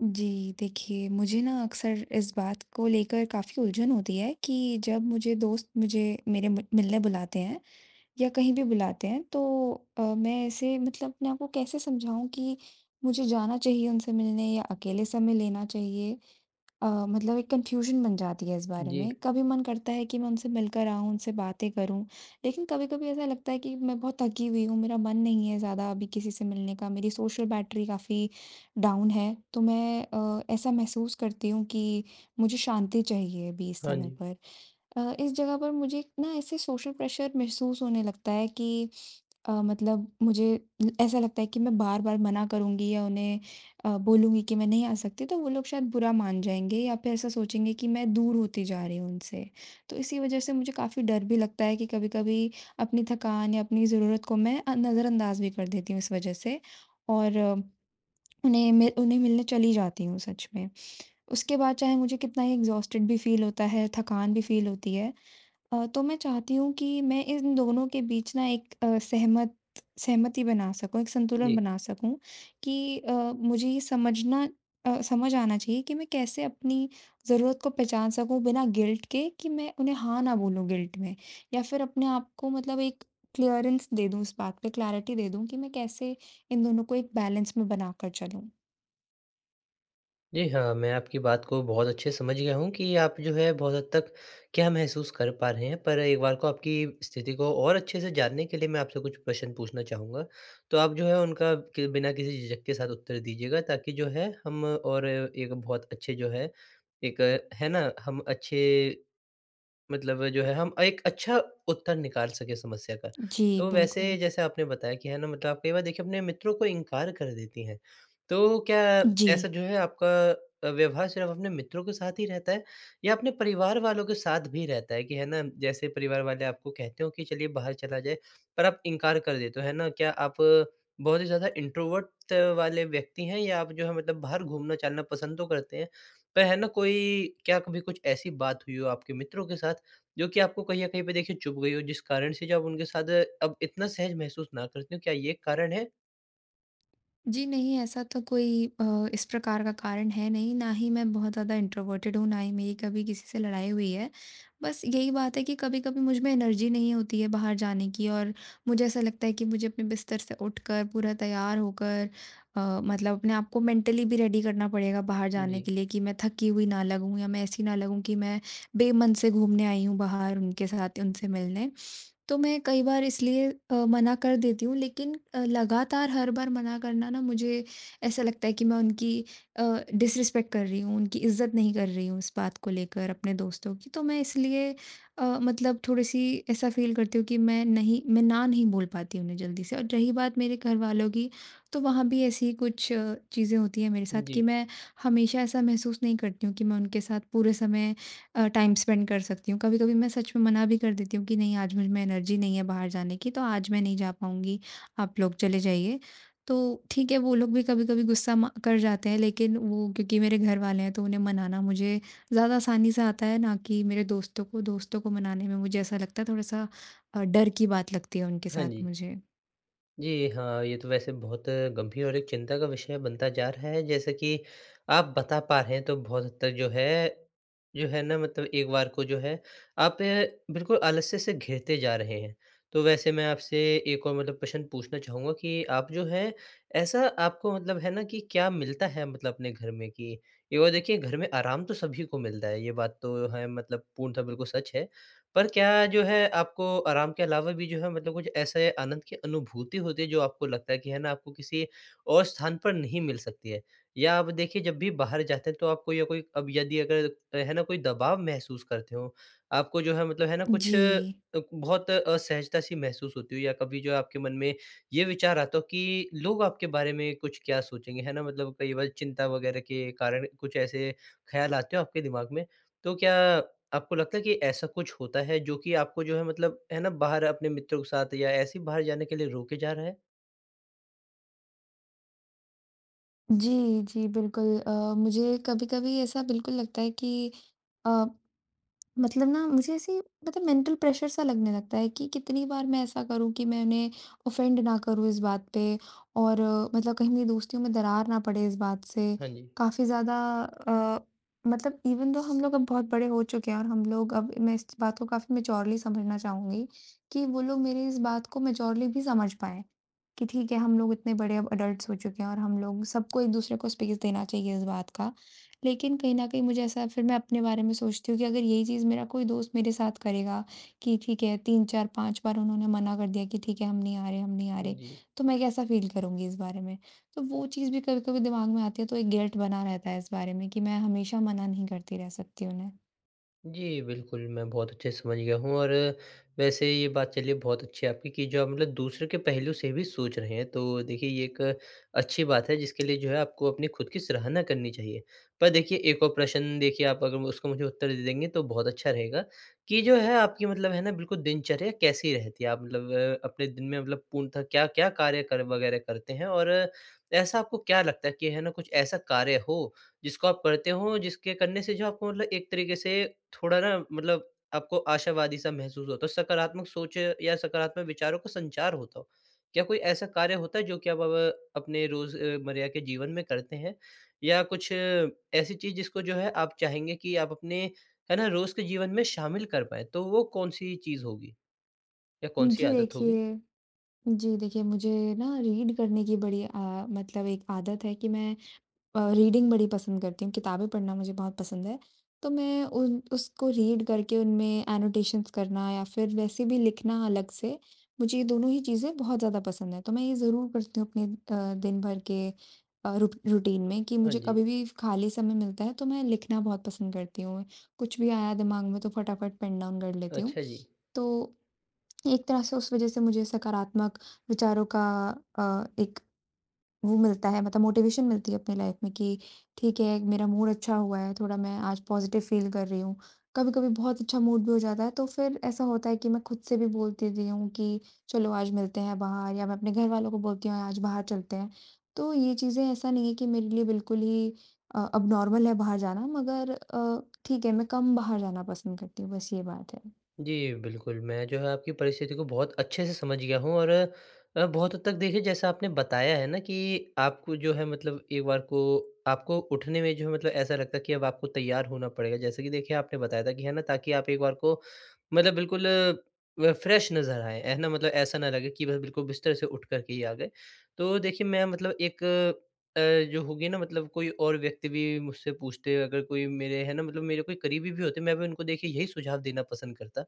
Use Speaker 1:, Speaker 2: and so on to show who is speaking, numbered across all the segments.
Speaker 1: जी, देखिए मुझे ना अक्सर इस बात को लेकर काफ़ी उलझन होती है कि जब मुझे दोस्त मुझे मेरे म मिलने बुलाते हैं, या कहीं भी बुलाते हैं तो अ, मैं ऐसे मतलब अपने आप को कैसे समझाऊँ कि मुझे जाना चाहिए उनसे मिलने या अकेले समय लेना चाहिए अ, मतलब एक कन्फ्यूजन बन जाती है इस बारे
Speaker 2: जी।
Speaker 1: में। कभी मन करता है कि मैं उनसे मिलकर आऊँ, उनसे बातें करूँ, लेकिन कभी-कभी ऐसा लगता है कि मैं बहुत थकी हुई हूँ मेरा मन नहीं है ज़्यादा अभी किसी से मिलने का मेरी सोशल बैटरी काफ़ी डाउन है, तो मैं अ, ऐसा महसूस करती हूँ कि मुझे शांति चाहिए अभी इस
Speaker 2: हाँ
Speaker 1: समय
Speaker 2: जी।
Speaker 1: पर। अ, इस जगह पर मुझे एक ना ऐसे सोशल प्रेशर महसूस होने लगता है कि अ, मतलब मुझे उम, ऐसा लगता है कि मैं बार-बार मना करूँगी या उन्हें अ, बोलूँगी कि मैं नहीं आ सकती तो वो लोग शायद बुरा मान जाएँगे या फिर ऐसा सोचेंगे कि मैं दूर होती जा रही हूँ उनसे। तो इसी वजह से मुझे काफ़ी डर भी लगता है कि कभी-कभी अपनी थकान या अपनी ज़रूरत को मैं अ, नज़रअंदाज भी कर देती हूँ इस वजह से, और उन्हें मि उन्हें मिलने चली जाती हूँ सच में। उसके बाद चाहे मुझे कितना ही एक्सहॉस्टेड भी फील होता है, थकान भी फील होती है अ, तो मैं चाहती हूँ कि मैं इन दोनों के बीच ना एक अ, सहमत सहमति बना सकूँ, एक संतुलन
Speaker 2: जी।
Speaker 1: बना सकूँ कि अ, मुझे ये समझना अ, समझ आना चाहिए कि मैं कैसे अपनी ज़रूरत को पहचान सकूँ बिना गिल्ट के कि मैं उन्हें हाँ ना बोलूँ गिल्ट में, या फिर अपने आप को मतलब एक क्लीयरेंस दे दूँ इस बात पे, क्लैरिटी दे दूँ कि मैं कैसे इन दोनों को एक बैलेंस में बना कर चलूँ।
Speaker 2: जी, हाँ, मैं आपकी बात को बहुत अच्छे से समझ गया हूँ कि आप जो है बहुत हद तक क्या महसूस कर पा रहे हैं, पर एक बार को आपकी स्थिति को और अच्छे से जानने के लिए मैं आपसे कुछ प्रश्न पूछना चाहूँगा, तो आप जो है उनका के बिना के किसी झिझक के साथ उत्तर दीजिएगा ताकि जो है हम और एक बहुत अच्छे जो है, एक है ना? हम अच्छे मतलब जो है हम एक अच्छा उत्तर निकाल सके समस्या का।
Speaker 1: जी,
Speaker 2: तो वैसे
Speaker 1: बिल्कुल।
Speaker 2: जैसे आपने बताया कि है ना मतलब आप कई बार देखिए अपने मित्रों को इनकार कर देती हैं, तो क्या ऐसा
Speaker 1: जी।
Speaker 2: जो है आपका अ, व्यवहार सिर्फ़ अपने मित्रों के साथ ही रहता है, या अपने परिवार वालों के साथ भी रहता है कि है ना जैसे परिवार वाले आपको कहते हो कि चलिए बाहर चला जाए, पर आप इनकार कर देते हो, है ना क्या आप बहुत ही ज़्यादा इंट्रोवर्ट त वाले व्यक्ति हैं या आप जो है मतलब बाहर घूमना-चलना पसंद तो करते हैं, पर है ना कोई क्या कभी कुछ ऐसी बात हुई हो आपके मित्रों के साथ जो कि आपको कहीं न कहीं पे देखिए चुभ गई हो जिस कारण से जो आप उनके साथ अब इतना सहज महसूस ना करते हो, क्या ये कारण है?
Speaker 1: जी नहीं, ऐसा तो कोई अ, इस प्रकार का कारण है नहीं, ना ही मैं बहुत ज़्यादा इंट्रोवर्टेड हूँ ना ही मेरी कभी किसी से लड़ाई हुई है। बस यही बात है कि कभी-कभी मुझ में एनर्जी नहीं होती है बाहर जाने की और मुझे ऐसा लगता है कि मुझे अपने बिस्तर से उठकर पूरा तैयार होकर अ, मतलब अपने आप को मेंटली भी रेडी करना पड़ेगा बाहर जाने के
Speaker 2: जी।
Speaker 1: लिए कि मैं थकी हुई ना लगूँ या मैं ऐसी ना लगूँ कि मैं, बेमन से घूमने आई हूँ बाहर उनके साथ या उनसे मिलने। तो मैं कई बार इसलिए अ, मना कर देती हूँ लेकिन अ, लगातार हर बार मना करना ना मुझे ऐसा लगता है कि मैं उनकी अ, डिसरिस्पेक्ट कर रही हूँ, उनकी इज़्ज़त नहीं कर रही हूँ इस बात को लेकर अपने दोस्तों की तो मैं इसलिए अ, मतलब थोड़ी-सी ऐसा फील करती हूँ कि मैं नहीं मैं ना नहीं बोल पाती उन्हें जल्दी से और रही बात मेरे घरवालों की, तो वहाँ भी ऐसी ही कुछ चीज़ें होती हैं मेरे साथ कि
Speaker 2: जी।
Speaker 1: मैं हमेशा ऐसा महसूस नहीं करती हूँ कि मैं उनके साथ पूरे समय अ, टाइम स्पेंड कर सकती हूँ, कभी-कभी मैं सच में मना भी कर देती हूँ कि नहीं आज मुझ में एनर्जी नहीं है बाहर जाने की तो आज मैं नहीं जा पाऊँगी, आप लोग चले जाइए। तो ठीक है वो लोग भी कभी-कभी गुस्सा म कर जाते हैं लेकिन वो क्योंकि मेरे घरवाले हैं तो उन्हें मनाना मुझे ज़्यादा आसानी से आता है ना कि मेरे दोस्तों को, दोस्तों को मनाने में मुझे ऐसा लगता है थोड़ा-सा अ, डर की बात लगती है उनके
Speaker 2: हाँ
Speaker 1: साथ
Speaker 2: जी।
Speaker 1: मुझे।
Speaker 2: जी, हाँ, ये तो वैसे बहुत गंभीर और एक चिंता का विषय बनता जा रहा है जैसे कि आप बता पा रहे हैं तो बहुत हद तक जो है जो है ना मतलब एक बार को जो है, आप ना बिल्कुल आलस्य से घिरते जा रहे हैं। तो वैसे मैं आपसे एक और मतलब प्रश्न पूछना चाहूँगा कि आप जो हैं, ऐसा आपको मतलब है ना कि क्या मिलता है मतलब अपने घर में कि एक ओर देखिए घर में आराम तो सभी को मिलता है ये बात तो है मतलब पूर्णतः बिल्कुल सच है। पर क्या जो है आपको आराम के अलावा भी जो है मतलब कुछ ऐसे आनंद की अनुभूति होती है जो आपको लगता है कि है ना आपको किसी और स्थान पर नहीं मिल सकती है। या आप देखिए जब भी बाहर जाते हैं तो आपको या कोई अब यदि अगर अ, है ना कोई दबाव महसूस करते हो, आपको जो है मतलब है ना कुछ अ,
Speaker 1: जी।
Speaker 2: बहुत असहजता सी महसूस होती हो या कभी जो है आपके मन में ये विचार आता हो कि लोग आपके बारे में कुछ क्या सोचेंगे, है ना मतलब कई बार चिंता वग़ैरह के कारण कुछ ऐसे ख़्याल आते हो आपके दिमाग में। तो क्या आपको लगता है कि ऐसा कुछ होता है जो कि आपको जो है मतलब है ना बाहर अपने मित्रों के साथ या ऐसे ही बाहर जाने के लिए रोके जा रहा है?
Speaker 1: जी, जी बिल्कुल। अ, मुझे कभी-कभी ऐसा बिल्कुल लगता है कि अ, मतलब ना मुझे ऐसी मतलब मेंटल प्रेशर सा लगने लगता है कि कितनी बार मैं ऐसा करूँ कि मैं उन्हें ऑफ़ेंड ना करूँ इस बात पे और मतलब कहीं मेरी दोस्तियों में दरार ना पड़े इस बात से।
Speaker 2: हाँ जी।
Speaker 1: काफ़ी ज़्यादा अ, मतलब इवेन थो हम लोग अब बहुत बड़े हो चुके हैं और हम लोग अब मैं इस बात को काफ़ी मैच्योरली समझना चाहूँगी कि वो लोग मेरी इस बात को मैच्योरली भी समझ पाएँ, कि ठीक है हम लोग इतने बड़े अब एडल्ट्स हो चुके हैं और हम लोग सबको एक-दूसरे को स्पेस देना चाहिए इस बात का। लेकिन कहीं न कहीं मुझे ऐसा फ़िर मैं अपने बारे में सोचती हूँ कि अगर यही चीज़ मेरा कोई दोस्त मेरे साथ करेगा कि ठीक है 3-4-5 बार उन्होंने मना कर दिया कि ठीक है हम नहीं आ रहे हम नहीं आ
Speaker 2: उम,
Speaker 1: रहे,
Speaker 2: जी।
Speaker 1: तो मैं कैसा फ़ील करूँगी इस बारे में। तो वो चीज़ भी कभी-कभी दिमाग़ में आती है तो एक गिल्ट बना रहता है इस बारे में कि मैं हमेशा मना नहीं करती रह सकती उन्हें।
Speaker 2: जी, बिल्कुल। मैं बहुत अच्छे से समझ गया हूँ और वैसे ये बात चलिए बहुत अच्छी है आपकी कि जो आप मतलब दूसरे के पहलू से भी सोच रहे हैं। तो देखिए ये एक अच्छी बात है जिसके लिए जो है आपको अपनी ख़ुद की सराहना करनी चाहिए। पर देखिए एक और प्रश्न देखिए आप अगर मु उसका मुझे उत्तर दे देंगे तो बहुत अच्छा रहेगा कि जो है आपकी मतलब है ना बिल्कुल दिनचर्या कैसी रहती है, आप मतलब अपने दिन में मतलब पूर्णतः क्या-क्या कार्य, कर्म वग़ैरह करते हैं? और ऐसा आपको क्या लगता है कि है ना कुछ ऐसा कार्य हो जिसको आप करते हों, जिसके करने से जो आपको मतलब एक तरीके से थोड़ा ना मतलब आपको आशावादी-सा महसूस होता हो, सकारात्मक सोच या सकारात्मक विचारों का संचार होता हो? क्या कोई ऐसा कार्य होता है जो कि आप ब अपने रोज़ अ, मर्रा के जीवन में करते हैं या कुछ ऐसी चीज़ जिसको जो है आप चाहेंगे कि आप अपने है ना रोज़ के जीवन में शामिल कर पाएँ। तो वो कौन-सी चीज़ होगी या
Speaker 1: उम,
Speaker 2: कौन-सी
Speaker 1: जी
Speaker 2: आदत होगी?
Speaker 1: देखिए जी देखिए मुझे ना रीड करने की बड़ी अ, मतलब एक आदत है कि मैं अ, रीडिंग बड़ी पसंद करती हूँ, किताबें पढ़ना मुझे बहुत पसंद है। तो मैं उन उसको रीड करके उनमें एनोटेशंस करना या फ़िर वैसे भी लिखना अलग से। मुझे ये दोनों ही चीज़ें बहुत ज़्यादा पसंद हैं। तो मैं ये ज़रूर करती हूँ अपने अ, दिन-भर के अ, रू रूटीन में कि
Speaker 2: हाँ
Speaker 1: मुझे
Speaker 2: जी।
Speaker 1: कभी भी खाली समय मिलता है, तो मैं लिखना बहुत पसंद करती हूँ। कुछ भी आया दिमाग़ में तो फटाफट पेन डाउन कर लेती हूँ।
Speaker 2: अच्छा जी।
Speaker 1: तो एक तरह से उस वजह से मुझे सकारात्मक विचारों का अ, एक वो मिलता है मतलब मोटिवेशन मिलती है अपनी लाइफ़ में कि ठीक है मेरा मूड अच्छा हुआ है, थोड़ा मैं आज पॉज़िटिव फ़ील कर रही हूँ, कभी-कभी बहुत अच्छा मूड भी हो जाता है। तो फ़िर ऐसा होता है कि मैं खुद से भी बोल देती हूँ कि चलो आज मिलते हैं बाहर या मैं अपने घरवालों को बोलती हूँ आज बाहर चलते हैं। तो ये चीज़ें ऐसा नहीं है कि मेरे लिए बिल्कुल ही अ, एबनॉर्मल है बाहर जाना मगर अ, ठीक है मैं कम बाहर जाना पसंद करती हूँ, बस ये बात है।
Speaker 2: जी, बिल्कुल मैं जो है आपकी परिस्थिति को बहुत अच्छे से समझ गया हूँ और अ, बहुत हद तक देखिए जैसा आपने बताया है ना कि आपको जो है मतलब एक बार को आपको उठने में जो है मतलब ऐसा लगता है कि अब आपको तैयार होना पड़ेगा। जैसे कि देखिए आपने बताया था कि है ना ताकि आप एक बार को मतलब बिल्कुल अ, फ्रेश नज़र आए है ना? मतलब ऐसा ना लगे कि वह बिल्कुल बिस्तर से उठ कर के ही आ गए। तो देखिए, मैं मतलब एक अ, जो होगी ना मतलब कोई और व्यक्ति भी मुझसे पूछते, अगर कोई मेरे है ना मतलब मेरे कोई करीबी भी होते हैं, मैं भी उनको देखिए यही सुझाव देना पसंद करता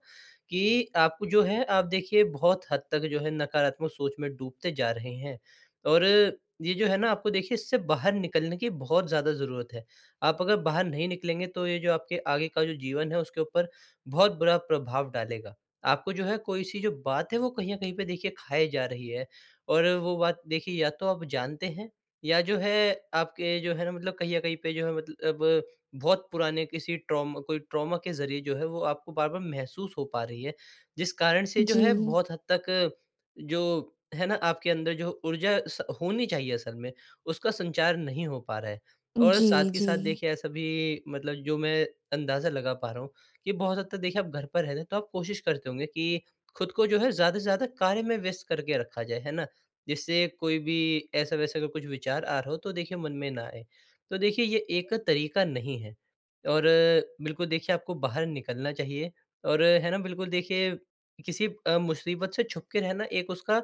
Speaker 2: कि आपको जो है आप देखिए बहुत हद तक जो है नकारात्मक सोच में डूबते जा रहे हैं। और ये जो है ना आपको देखिए इससे बाहर निकलने की बहुत ज़्यादा ज़रूरत है। आप अगर बाहर नहीं निकलेंगे तो ये जो आपके आगे का जो जीवन है उसके ऊपर बहुत बुरा प्रभाव डालेगा। आपको जो है कोई-सी जो बात है वो कहीं न कहीं पे देखिए खाए जा रही है। और वो बात देखिए या तो आप जानते हैं या जो है आपके जो है ना मतलब कहीं न कहीं पे जो है मतल अब बहुत पुराने किसी ट्रॉमा कोई ट्रॉमा के ज़रिए जो है वो आपको बार-बार महसूस हो पा रही है। जिस कारण से जो है
Speaker 1: जी।
Speaker 2: बहुत हद तक जो है ना आपके अंदर जो ऊर्जा स होनी चाहिए असल में, उसका संचार नहीं हो पा रहा है। और साथ
Speaker 1: जी,
Speaker 2: ही साथ
Speaker 1: जी।
Speaker 2: देखिए ऐसा भी मतलब जो मैं अंदाज़ा लगा पा रहा हूँ कि बहुत हद तक देखिए आप घर पर रहते हैं, तो आप कोशिश करते होंगे कि ख़ुद को जो है ज़्यादा से ज़्यादा कार्य में व्यस्त करके रखा जाए, है ना? जिससे कोई भी ऐसा-वैसा अगर कुछ विचार आ रहा हो तो देखिए मन में ना आए। तो देखिए ये एक तरीक़ा नहीं है और बिल्कुल देखिए, आपको बाहर निकलना चाहिए और है ना बिल्कुल देखिए किसी अ, मुसीबत से छुप के रहना एक उसका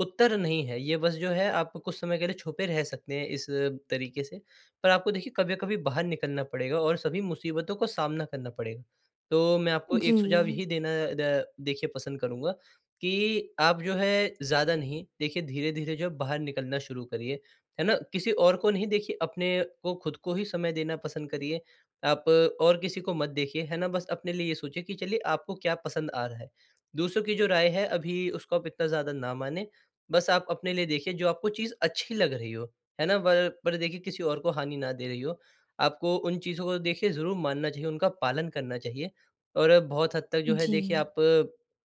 Speaker 2: उत्तर नहीं है, ये बस जो है आप कुछ समय के लिए छुपे रह सकते हैं इस तरीक़े से। पर आपको देखिए कभी न कभी बाहर निकलना पड़ेगा और सभी मुसीबतों का सामना करना पड़ेगा। तो मैं आपको एक सुझाव
Speaker 1: जी।
Speaker 2: यही देना द देखिए पसंद करूँगा कि आप जो है ज़्यादा नहीं देखिए धीरे-धीरे जो है बाहर निकलना शुरू करिए, है ना? किसी और को नहीं देखिए अपने को ख़ुद को ही समय देना पसंद करिए आप और किसी को मत देखिए है ना बस अपने लिए ये सोचिए कि चलिए आपको क्या पसंद आ रहा है। दूसरों की जो राय है अभी उसको आप इतना ज़्यादा ना मानें बस आप अपने लिए देखिए जो आपको चीज़ अच्छी लग रही हो। है ना? पर पर देखिए किसी और को हानि न दे रही हो, आपको उन चीज़ों को देखिए ज़रूर मानना चाहिए, उनका पालन करना चाहिए। और बहुत हद तक जो है देखिए
Speaker 1: जी।
Speaker 2: आप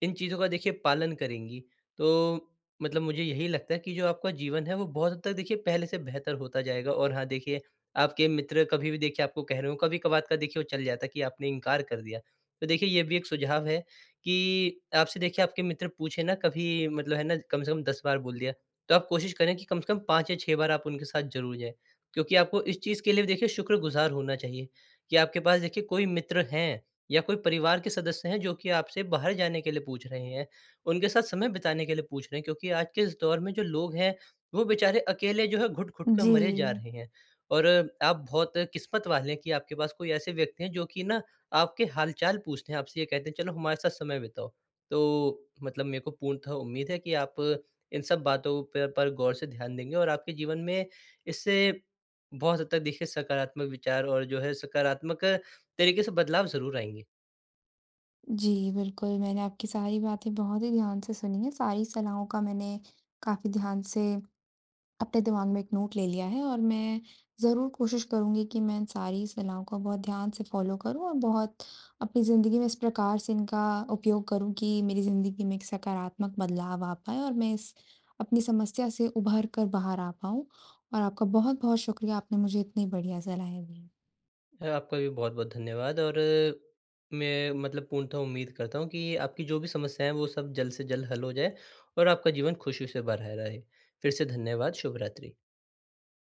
Speaker 2: इन चीज़ों का देखिए पालन करेंगी तो मतलब मुझे यही लगता है कि जो आपका जीवन है वो बहुत हद तक देखिए पहले से बेहतर होता जाएगा। और हाँ देखिए, आपके मित्र कभी-भी देखिए आपको कह रहे हों, कभी-कभार का देखिए वो चल जाता है कि आपने इनकार कर दिया। तो देखिए ये भी एक सुझाव है कि आपसे देखिए आपके मित्र पूछें ना कभी मतलब है ना कम से कम 10 बार बोल दिया। तो आप कोशिश करें कि कम से कम 5 या 6 बार आप उनके साथ ज़रूर जाएँ। क्योंकि आपको इस चीज़ के लिए भी देखिए शुक्रगुज़ार होना चाहिए, कि आपके पास देखिए कोई मित्र हैं या कोई परिवार के सदस्य हैं जो कि आपसे बाहर जाने के लिए पूछ रहे हैं। उनके साथ समय बिताने के लिए पूछ रहे हैं क्योंकि आज के इस दौर में जो लोग हैं वो बेचारे अकेले जो है, घुट-घुट कर मरे जा
Speaker 1: जी।
Speaker 2: रहे हैं। और आप बहुत किस्मत वाले हैं कि आपके पास कोई ऐसे व्यक्ति हैं जो कि ना आपके हाल-चाल पूछते हैं आपसे ये कहते हैं चलो हमारे साथ समय बिताओ। तो मतलब मेरे को पूर्णतः उम्मीद है कि आप इन सब बातों पे पर गौर से ध्यान देंगी और आपके जीवन में इससे बहुत हद तक देखिए सकारात्मक विचार और जो है सकारात्मक तरीक़े से बदलाव ज़रूर आएँगे।
Speaker 1: जी, बिल्कुल मैंने आपकी सारी बातें बहुत ही ध्यान से सुनी हैं, सारी सलाहों का मैंने काफ़ी ध्यान से अपने दिमाग़ में एक नोट ले लिया है। और मैं ज़रूर कोशिश करूँगी कि मैं इन सारी सलाहों का बहुत ध्यान से फ़ॉलो करूँ और बहुत अपनी ज़िंदगी में इस प्रकार से इनका उपयोग करूँ कि मेरी ज़िंदगी में एक सकारात्मक बदलाव आ पाए और मैं इस अपनी समस्या से उभर कर बाहर आ पाऊँ। और आपका बहुत-बहुत शुक्रिया आपने मुझे इतने बढ़िया सलाहें दीं।
Speaker 2: ह आपका भी बहुत-बहुत धन्यवाद और मैं मतलब पूर्णतः उम्मीद करता हूँ कि आपकी जो भी समस्याएँ हैं, वो सब जल्द से जल्द हल हो जाएँ। और आपका जीवन ख़ुशी से भरा रहे। फ़िर से धन्यवाद, शुभरात्रि।